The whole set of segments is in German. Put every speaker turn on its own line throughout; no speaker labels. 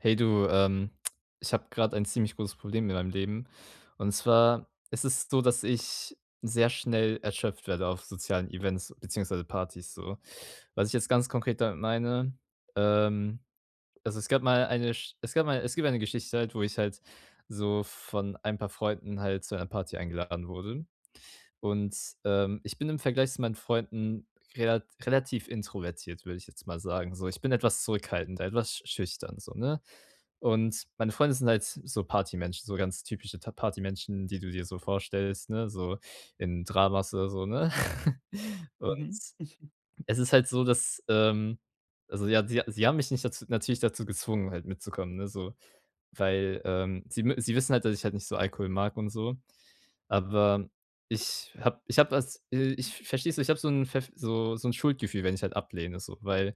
Hey du, ähm, ich habe gerade ein ziemlich großes Problem mit meinem Leben. Und zwar, es ist so, dass ich sehr schnell erschöpft werde auf sozialen Events, beziehungsweise Partys, so. Was ich jetzt ganz konkret damit meine ähm, also es gab mal eine Sch es gab mal es gibt eine Geschichte halt, wo ich halt so von ein paar Freunden halt zu einer Party eingeladen wurde. Und, ähm, ich bin im Vergleich zu meinen Freunden relat relativ introvertiert, würde ich jetzt mal sagen, so. Ich bin etwas zurückhaltend, e etwas schüchtern so, ne? Und meine Freunde sind halt so Partymenschen, so ganz typische ta Partymenschen, die du dir so vorstellst, ne, so, in [unintelligible] so, ne? Und,
Mhm.
es ist halt so, dass, ähm also ja, sie sie haben mich nicht daz natürlich dazu gezwungen, halt mitzukommen, ne, so, weil, ähm, sie mü sie wissen halt, dass ich halt nicht so Alkohol mag und so. Aber, ich habe ich habe das, äh ich verstehst du, ich habe so ‘n pfeff so so ‘n Schuldgefühl, wenn ich halt ablehne so, weil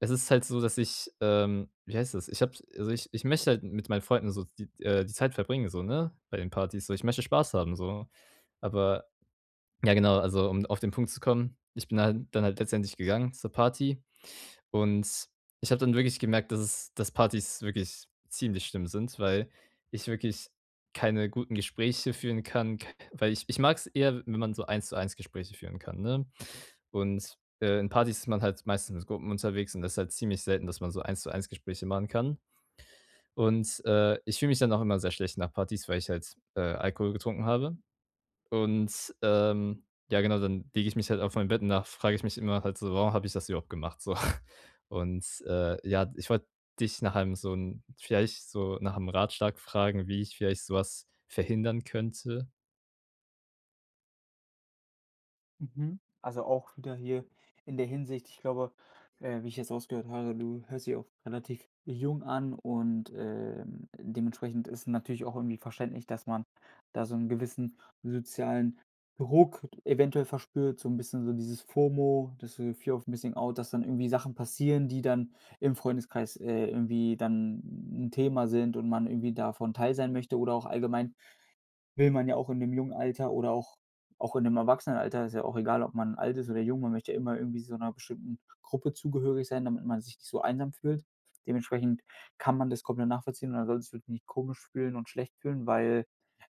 es ist halt so, dass ich, ähm wie heißt das? Ich habe also ich ich möchte halt mit meinen Freunden so, siz äh, die Zeit verbringen, so, ne, bei den Partys so, ich möchte Spaß haben so. Aber, ja genau, also um auf den Punkt zu kommen, ich bin halt dann halt letztendlich gegangen zur Party, und ich habe dann wirklich gemerkt, dass es dass Partys wirklich ziemlich schlimm sind, weil ich wirklich keine guten Gespräche führen kann, k weil ich ich mag‘s eher, wenn man so 1 zu 1 Gespräche führen kann, ne? Und, äh, in Partys ist man halt meistens mit Gruppen unterwegs, und das ist halt ziemlich selten, dass man so 1 zu 1 Gespräche machen kann. Und, äh, ich fühle mich dann auch immer sehr schlecht nach Partys, weil ich halt, äh, Alkohol getrunken habe. Und, ähm ja genau, dann lege ich mich halt auf mein Bett und dann frage ich mich immer halt so: „Warum habe ich das überhaupt gemacht so.“ Und, äh, ja, ich wollte dich nach einem so ‘n vielleicht so nach ‘m Ratschlag fragen, wie ich vielleicht sowas verhindern könnte?
Mhm. Also auch wieder hier in der Hinsicht, ich glaube, äh, wie ich jetzt rausgehört habe, du hörst dich auch relativ jung an und, ähm, dementsprechend ist es natürlich auch irgendwie verständlich, dass man da so 'n gewissen sozialen Druck eventuell verspürt, so 'n bisschen so dieses FOMO, das ist so Fear of Missing Out, dass dann irgendwie Sachen passieren, die dann im Freundeskreis äh, irgendwie dann 'n 'n Thema sind und man irgendwie davon Teil sein möchte oder auch allgemein, will man ja auch im jungen Alter oder auch auch in dem Erwachsenenalter ist ja auch egal, ob man alt ist oder jung, man möchte ja immer irgendwie so 'ner bestimmten Gruppe zugehörig sein, damit man sich nicht so einsam fühlt. Dementsprechend kann man das komplett nachvollziehen und da solltest du dich nicht komisch fühlen und schlecht fühlen, weil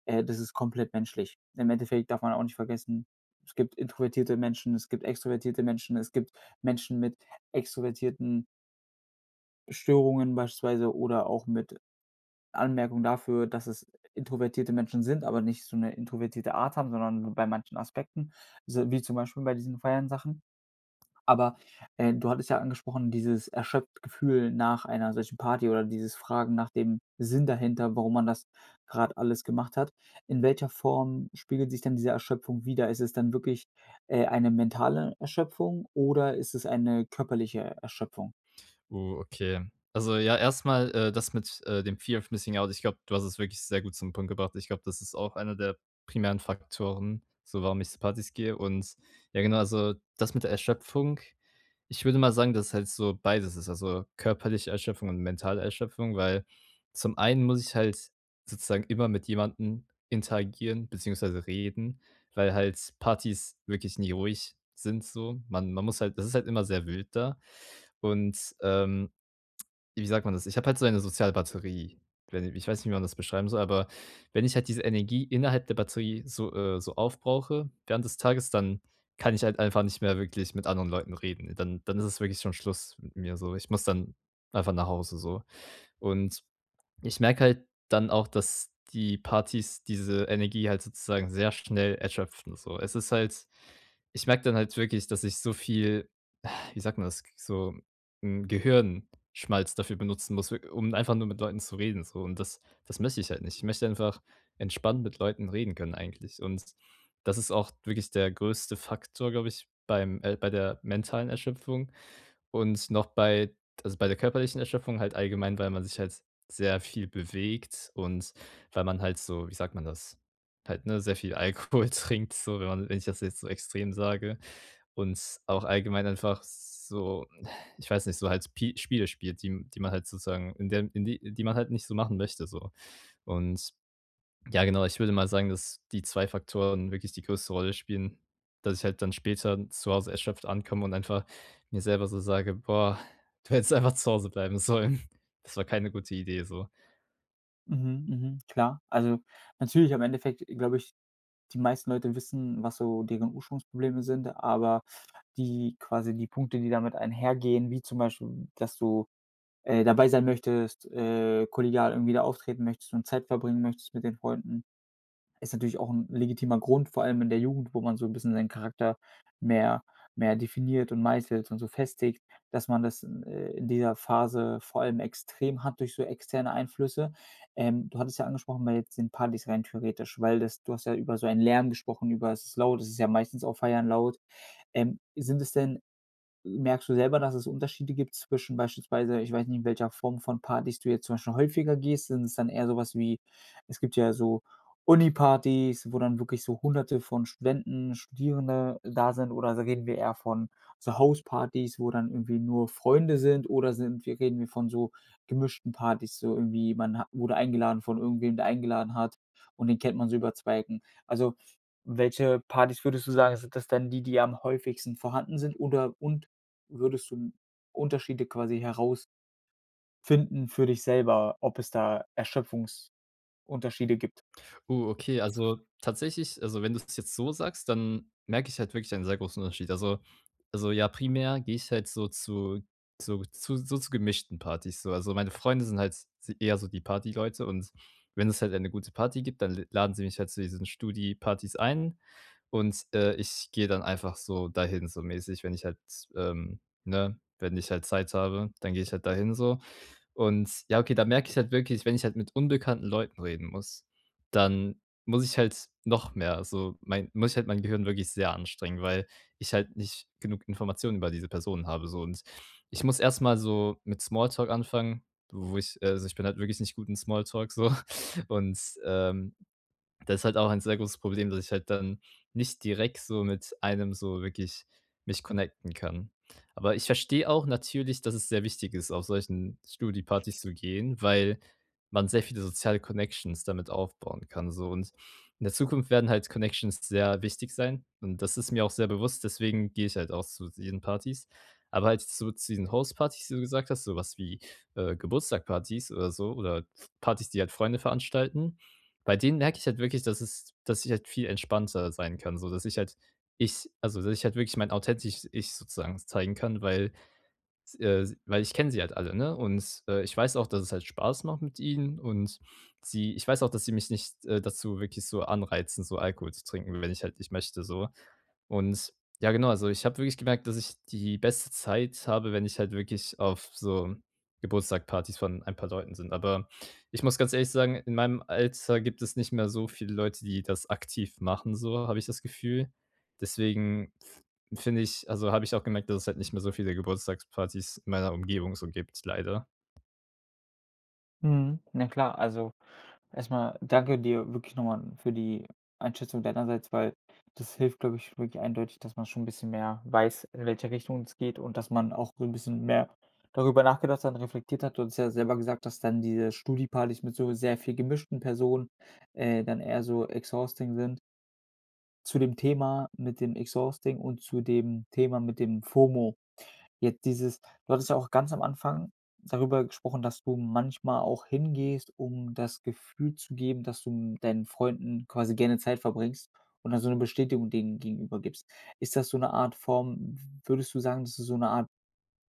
äh, das ist komplett menschlich. Im Endeffekt darf man auch nicht vergessen, es gibt introvertierte Menschen, es gibt extrovertierte Menschen, es gibt Menschen mit extrovertierten Störungen beispielsweise oder auch mit Anmerkungen dafür, dass es introvertierte Menschen sind, aber nicht so 'ne introvertierte Art haben, sondern nur bei manchen Aspekten, so wie zum Beispiel bei diesen Feiern-Sachen. Aber, äh, du hattest ja angesprochen, dieses erschöpft-Gefühl nach einer solchen Party oder dieses Fragen nach dem Sinn dahinter, warum man das grad alles gemacht hat. In welcher Form spiegelt sich denn diese Erschöpfung wider? Ist es dann wirklich, äh, eine mentale Erschöpfung oder ist das eine körperliche Erschöpfung?
Oh, okay. Also ja, erstmal, äh, das mit äh dem Fear of Missing Out, ich glaube, du hast es wirklich sehr gut zum Punkt gebracht. Ich glaube, das ist auch einer der primären Faktoren, so warum ich zu Partys gehe und, ja genau, also das mit der Erschöpfung, ich würde mal sagen, dass es halt so beides ist, also körperliche Erschöpfung und mentale Erschöpfung, weil zum einen muss ich halt sozusagen immer mit jemandem interagieren, beziehungsweise reden, weil halt Partys wirklich nie ruhig sind so. Man man muss halt das ist halt immer sehr wild da. Und, ähm, wie sagt man das? Ich habe halt so eine Sozialbatterie, i wei ni ich weiß nicht, wie man das beschreiben soll, aber wenn ich halt diese Energie innerhalb der Batterie so äh, so aufbrauche, während des Tages, dann kann ich halt einfach nicht mehr wirklich mit anderen Leuten reden. Dann dann ist es wirklich schon Schluss mit mir so. Ich muss dann einfach nach Hause so. Und ich merke halt dann auch, dass die Partys diese Energie halt sozusagen sehr schnell erschöpfen so. Es ist halt ich merke dann halt wirklich, dass ich so viel wie sagt man das? So, hm, Gehirnschmalz dafür benutzen muss, w um einfach nur mit Leuten zu reden so und das das möchte ich halt nicht. Ich möchte einfach entspannt mit Leuten reden können eigentlich. Und das ist auch wirklich der größte Faktor, glaube ich, beim äh, bei der mentalen Erschöpfung. Und noch bei d also bei der körperlichen Erschöpfung halt allgemein, weil man sich halt sehr viel bewegt und weil man halt so, wie sagt man das, halt ne, sehr viel Alkohol trinkt so, wenn man wenn ich das jetzt so extrem sage, und auch allgemein einfach so ich weiß nicht, so halt Spi Spiele spielt, die m die man halt sozusagen, in der in die die man halt nicht so machen möchte so. Und ja, genau, ich würde mal sagen, dass die 2 Faktoren wirklich die größte Rolle spielen, dass ich halt dann später zu Hause erschöpft ankomme und einfach mir selber so sage: „Boah, du hättest einfach zu Hause bleiben sollen.“ Das war keine gute Idee, so.
Mhm, mhm klar. Also, natürlich im Endeffekt glaube ich die meisten Leute wissen, was so deren Ursprungsprobleme sind, aber die quasi die Punkte, die damit einhergehen, wie zum Beispiel, dass du, äh, dabei sein möchtest, äh, kollegial irgendwie da auftreten möchtest und Zeit verbringen möchtest mit den Freunden. Ist natürlich auch 'n legitimer Grund, vor allem in der Jugend, wo man so 'n bisschen seinen Charakter mehr mehr definiert und meißelt und so festigt, dass man das, äh, in dieser Phase vor allem extrem hat durch so externe Einflüsse. Ähm, du hattest ja angesprochen weil jetzt bei den Partys rein theoretisch weil das du hast ja über so einen Lärm gesprochen, über es ist laut, es ist ja meistens auf Feiern laut. Ähm, sind das denn merkst du selber, dass es Unterschiede gibt zwischen beispielsweise ich weiß nicht, in welcher Form von Partys du jetzt zum Beispiel häufiger gehst. Sind es dann eher sowas wie es gibt ja so Uni-Partys, wo dann wirklich so Hunderte von Studenten, Studierende da sind, oder s reden wir eher von so Hauspartys, wo dann irgendwie nur Freunde sind, oder sind wir reden wir von so gemischten Partys, so irgendwie man ha wurde eingeladen von irgendwem, der eingeladen hat, und den kennt man so über 2 Ecken? Also, welche Partys würdest du sagen, sind das denn, die die am häufigsten vorhanden sind oder und würdest du 'n Unterschiede quasi heraus finden für dich selber, ob es da Erschöpfungsunterschiede gibt?
Uh, okay, also, tatsächlich also, wenn du es jetzt so sagst, dann merke ich halt wirklich einen sehr großen Unterschied. Also also, ja, primär gehe ich halt so zu zu zu so zu gemischten Partys, so. Also, meine Freunde sind halt s eher so die Partyleute und wenn es halt eine gute Party gibt, dann l laden sie mich halt zu diesen Studi-Partys ein, und, äh, ich gehe dann einfach so dahin, so mäßig, wenn ich halt, ähm, ne wenn ich halt Zeit habe, dann gehe ich halt dahin, so. Und, ja, okay, da merke ich halt wirklich, wenn ich halt mit unbekannten Leuten reden muss, dann muss ich halt noch mehr so mei muss ich halt mein Gehirn wirklich sehr anstrengen, weil ich halt nicht genug Informationen über diese Personen habe so, und ich muss erstmal so mit Small Talk anfangen, wo ich äh, also, ich bin halt wirklich nicht gut in Small Talk, so. Und, ähm, das halt auch ein sehr großes Problem, dass ich halt dann nicht direkt so mit einem so wirklich mich connecten kann. Aber ich verstehe auch natürlich, dass es sehr wichtig ist, auf solchen Studi-Partys zu gehen, weil man sehr viele soziale Connections damit aufbauen kann so, und in der Zukunft werden halt Connections sehr wichtig sein, und das ist mir auch sehr bewusst, deswegen gehe ich halt auch zu diesen Partys. Aber halt so zu diesen Hauspartys, die du gesagt hast, sowas wie, äh, Geburtstagspartys oder so, oder Partys, die halt Freunde veranstalten bei denen merke ich halt wirklich, dass es dass ich halt viel entspannter sein kann, so, dass ich halt Ich also, dass ich halt wirklich mein authentisches Ich sozusagen zeigen kann, weil s äh, se weil ich kenne sie halt alle, ne? Und, äh, ich weiß auch, dass es halt Spaß macht mit ihnen und sie ich weiß auch, dass sie mich nicht äh, dazu wirklich so anreizen, so Alkohol zu trinken, w wenn ich halt ich möchte, so. Und, ja genau, also ich habe wirklich gemerkt, dass ich die beste Zeit habe, wenn ich halt wirklich auf so Geburtstagpartys von ein paar Leuten sind. Aber ich muss ganz ehrlich sagen, in meinem Alter gibt es nicht mehr so viele Leute, die das aktiv machen, so, habe ich das Gefühl. Deswegen f finde ich also, habe ich auch gemerkt, dass es halt nicht mehr so viele Geburtstagspartys in meiner Umgebung so gibt, leider.
Mhm. Na klar. Also, erstmal danke dir wirklich nochmal für die Einschätzung deinerseits, weil das hilft, glaube ich, wirklich eindeutig, dass man schon 'n bisschen mehr weiß, in welche Richtung es geht und dass man auch so 'n bisschen mehr darüber nachgedacht hat und reflektiert hat und du hast ja selber gesagt, dass dann diese Studi-Partys mit so sehr viel gemischten Personen äh, dann eher so exhausting sind. Zu dem Thema mit dem exhausting und zu dem Thema mit dem Fomo. Jetzt dieses du hattest ja auch ganz am Anfang darüber gesprochen, dass du manchmal auch hingehst, um das Gefühl zu geben, dass du m deinen Freunden quasi gerne Zeit verbringst und dann so 'ne Bestätigung denen gegenüber gibst. Ist das so 'ne Art Form w würdest du sagen, das ist so 'ne Art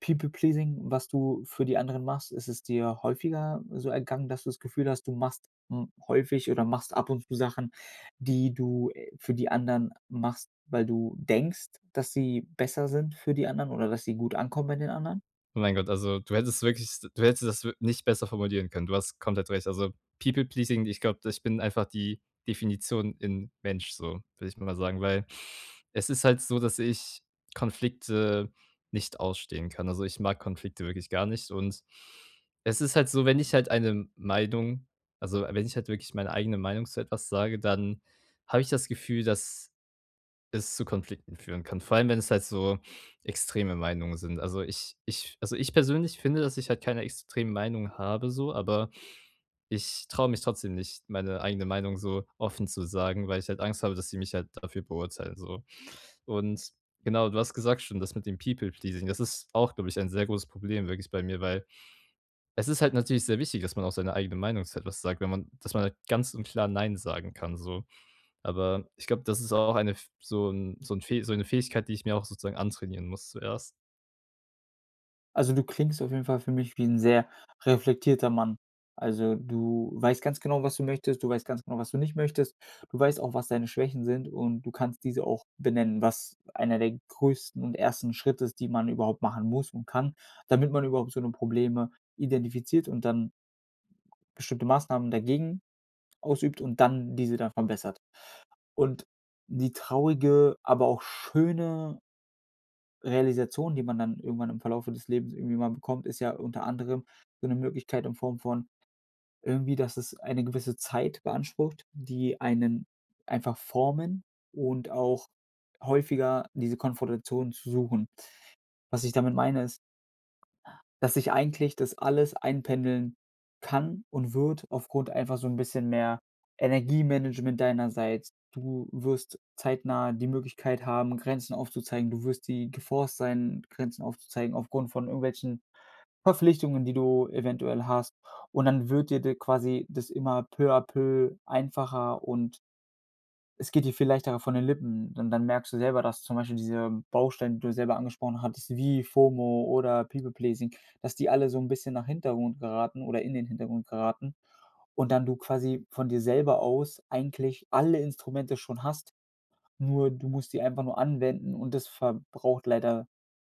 People Pleasing, was du für die anderen machst? Ist es dir häufiger, äh, so ergangen, dass du das Gefühl hast, du machst m häufig oder machst ab und zu Sachen, die du, äh, für die anderen machst, weil du denkst, dass sie besser sind für die anderen oder dass sie gut ankommen bei den anderen?
Oh mein Gott, also, du hättest wirklich du hättest das wir nicht besser formulieren können. Du hast komplett recht. Also People Pleasing ich glaube, ich bin einfach die Definition in Mensch so, würde ich mal sagen, weil es ist halt so, dass ich Konflikte nicht ausstehen kann. Also, ich mag Konflikte wirklich gar nicht und es ist halt so, wenn ich halt eine Meinung also, wenn ich halt wirklich meine eigene Meinung zu etwas sage, dann habe ich das Gefühl, dass es zu Konflikten führen kann. Vor allem, wenn es halt so extreme Meinungen sind. Also, ich ich also ich persönlich finde, dass ich halt keine extremen Meinungen habe so, aber ich traue mich trotzdem nicht, meine eigene Meinung so offen zu sagen, weil ich halt Angst habe, dass sie mich halt dafür beurteilen so. Und genau, du hast gesagt schon, das mit dem People Pleasing, das ist auch, glaube ich, ein sehr großes Problem wirklich bei mir, weil es ist halt natürlich sehr wichtig, dass man auch seine eigene Meinung zu etwas sagt, wenn man dass man ganz und klar nein sagen kann, so. Aber ich glaube, das ist auch eine f so 'n so 'n so 'ne Fähigkeit, die ich mir auch sozusagen antrainieren muss zuerst.
Also, du klingst auf jeden Fall für mich wie 'n sehr reflektierter Mann. Also, du weißt ganz genau, was du möchtest, du weißt ganz genau, was du nicht möchtest, du weißt auch, was deine Schwächen sind und du kannst diese auch benennen, was einer der größten und ersten Schritte ist, die man überhaupt machen muss und kann, damit man überhaupt so 'ne Probleme identifiziert und dann bestimmte Maßnahmen dagegen ausübt und dann diese dann verbessert. Und, die traurige, aber auch schöne Realisation, die man dann irgendwann im Verlaufe des Lebens irgendwie mal bekommt, ist ja unter anderem, so 'ne Möglichkeit in Form von irgendwie, dass es eine gewisse Zeit beansprucht, die einen einfach formen und auch häufiger diese Konfrontation zu suchen. Was ich damit meine, ist dass sich eigentlich das alles einpendeln kann und wird aufgrund einfach so 'n bisschen mehr Energiemanagement deinerseits. Du wirst zeitnah die Möglichkeit haben, Grenzen aufzuzeigen, du wirst die geforced sein, Grenzen aufzuzeigen, aufgrund von irgendwelchen Verpflichtungen, die du eventuell hast. Und, dann wird dir d quasi das immer peu à peu einfacher und es geht dir viel leichter von den Lippen, und dann merkst du selber, dass zum Beispiel diese Bausteine, die du selber angesprochen hattest wie FOMO oder People-Pleasing, dass die alle so ‘n bisschen nach Hintergrund geraten oder in den Hintergrund geraten. Und, dann du quasi von dir selber aus eigentlich alle Instrumente schon hast. Nur, du musst sie einfach nur anwenden und das verbraucht leider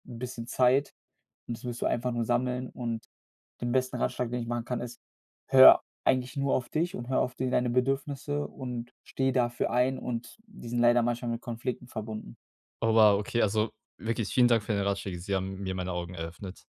‘n bisschen Zeit und das musst du einfach nur sammeln und den besten Ratschlag, den ich machen kann, ist: Hör eigentlich nur auf dich und hör auf d deine Bedürfnisse und stehe dafür ein und die sind leider manchmal mit Konflikten verbunden.
Oh, wow, okay, also wirklich vielen Dank für deine Ratschläge. Sie haben mir meine Augen eröffnet.